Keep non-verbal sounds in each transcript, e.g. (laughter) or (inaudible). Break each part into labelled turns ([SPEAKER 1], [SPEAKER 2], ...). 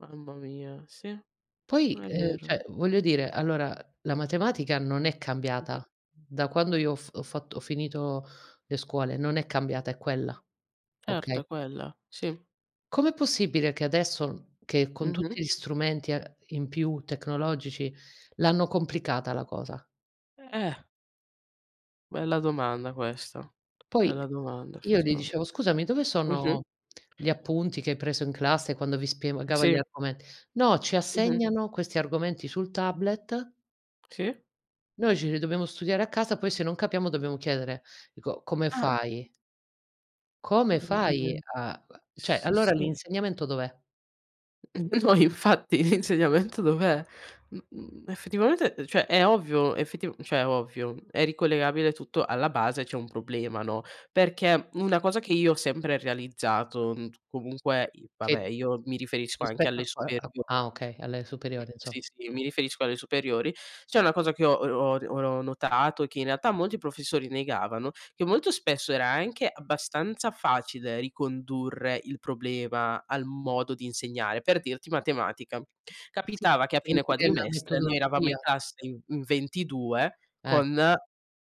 [SPEAKER 1] Mamma mia, sì,
[SPEAKER 2] Poi,
[SPEAKER 1] è
[SPEAKER 2] ehm,
[SPEAKER 1] vero.
[SPEAKER 2] cioè, voglio dire, allora la matematica non è
[SPEAKER 1] Mh-mh.
[SPEAKER 2] cambiata da quando io ho fa ho fatto ho finito le scuole, non è cambiata, è quella. Okay?
[SPEAKER 1] Certo è quella, sì.
[SPEAKER 2] Com'è possibile che adesso che con tutti
[SPEAKER 1] Mh-mh.
[SPEAKER 2] gli strumenti e in più tecnologici, l'hanno complicata la cosa?
[SPEAKER 1] Eh. Bella domanda questa,
[SPEAKER 2] Poi
[SPEAKER 1] bella domanda
[SPEAKER 2] io gli
[SPEAKER 1] effettivame
[SPEAKER 2] dicevo: "Scusami, dove
[SPEAKER 1] mh-mh.
[SPEAKER 2] sono gli appunti che hai preso in classe quando vi
[SPEAKER 1] Mh,
[SPEAKER 2] spiegava gli
[SPEAKER 1] sì.
[SPEAKER 2] argomenti?" "No, ci
[SPEAKER 1] Mh-mh.
[SPEAKER 2] assegnano questi argomenti sul tablet".
[SPEAKER 1] Sì.
[SPEAKER 2] "Noi ce li dobbiamo studiare a casa, poi se non capiamo dobbiamo chiedere". Dico: "Come
[SPEAKER 1] Ah.
[SPEAKER 2] fai?" "Come fai
[SPEAKER 1] (unintelligible)
[SPEAKER 2] a" uhm, cioè
[SPEAKER 1] S
[SPEAKER 2] allora
[SPEAKER 1] sì.
[SPEAKER 2] l'insegnamento dov'è?
[SPEAKER 1] N no infatti, l'insegnamento dov'è? Mhmm, effettivamente cioè, è ovvio, effetiv cioè, ovvio, è ricollegabile tutto, alla base, c'è un problema, no. Perché una cosa che io ho sempre realizzato, mhmm, comunque i vabbè,
[SPEAKER 2] Che
[SPEAKER 1] io mi riferisco anche
[SPEAKER 2] rispetto
[SPEAKER 1] alle
[SPEAKER 2] a qua
[SPEAKER 1] superio
[SPEAKER 2] a q alle
[SPEAKER 1] mhmm,
[SPEAKER 2] superiori
[SPEAKER 1] sì,
[SPEAKER 2] inso
[SPEAKER 1] sì, io mi riferisco alle superiori, c'è una cosa che ho ho ho notato, che in realtà molti professori negavano, che molto spesso era anche abbastanza facile ricondurre il problema al modo di insegnare. Per dirti: matematica.
[SPEAKER 2] Sì,
[SPEAKER 1] Capitava che a
[SPEAKER 2] poi
[SPEAKER 1] fine
[SPEAKER 2] dipende da
[SPEAKER 1] quadrimestre, noi eravamo in
[SPEAKER 2] metodologia.
[SPEAKER 1] classe in in 22
[SPEAKER 2] Eh.
[SPEAKER 1] con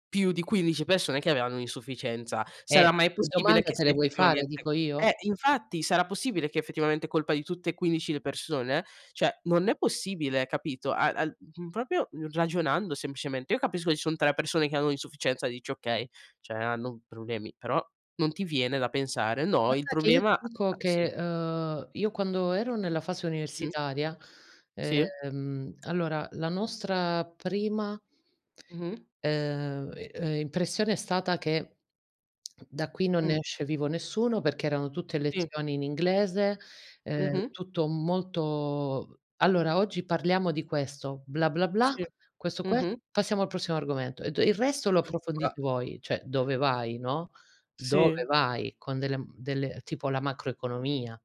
[SPEAKER 1] più di 15 persone che avevano un'insufficienza.
[SPEAKER 2] Eh
[SPEAKER 1] Sarà mai
[SPEAKER 2] le
[SPEAKER 1] possibile
[SPEAKER 2] domande
[SPEAKER 1] che
[SPEAKER 2] te le
[SPEAKER 1] sia
[SPEAKER 2] vuoi fare,
[SPEAKER 1] effettivamente
[SPEAKER 2] dico io?
[SPEAKER 1] eh infatti, sarà possibile che effettivamente è colpa di tutte e 15 le persone? Cioè non è possibile capito. A al mhmm, proprio ragionando semplicemente, io capisco che ci son 3 persone che hanno un'insufficienza, dici: "Okay, cioè hanno problemi", però non ti viene da pensare, no, il
[SPEAKER 2] Guarda che io
[SPEAKER 1] problema
[SPEAKER 2] ti
[SPEAKER 1] a
[SPEAKER 2] dico
[SPEAKER 1] sì.
[SPEAKER 2] che, uhm, io quando ero nella fase
[SPEAKER 1] Mh.
[SPEAKER 2] universitaria,
[SPEAKER 1] Sì.
[SPEAKER 2] ehm, allora la nostra prima
[SPEAKER 1] Mh-mh.
[SPEAKER 2] uhm uhm, impressione è stata che da qui non ne
[SPEAKER 1] Mh.
[SPEAKER 2] esce vivo nessuno perché erano tutte
[SPEAKER 1] Sì.
[SPEAKER 2] lezioni in inglese, ehm,
[SPEAKER 1] Mh-mh.
[SPEAKER 2] tutto molto "Allora oggi parliamo di questo, bla, bla, bla,
[SPEAKER 1] Sì.
[SPEAKER 2] questo qua.
[SPEAKER 1] Mh-mh.
[SPEAKER 2] Passiamo al prossimo argomento e ho de il resto lo approfondite
[SPEAKER 1] (unintelligible)
[SPEAKER 2] voi", cioè dove vai, no. Dove
[SPEAKER 1] Sì.
[SPEAKER 2] vai? Con delle mhmm, delle tipo la macroeconomia.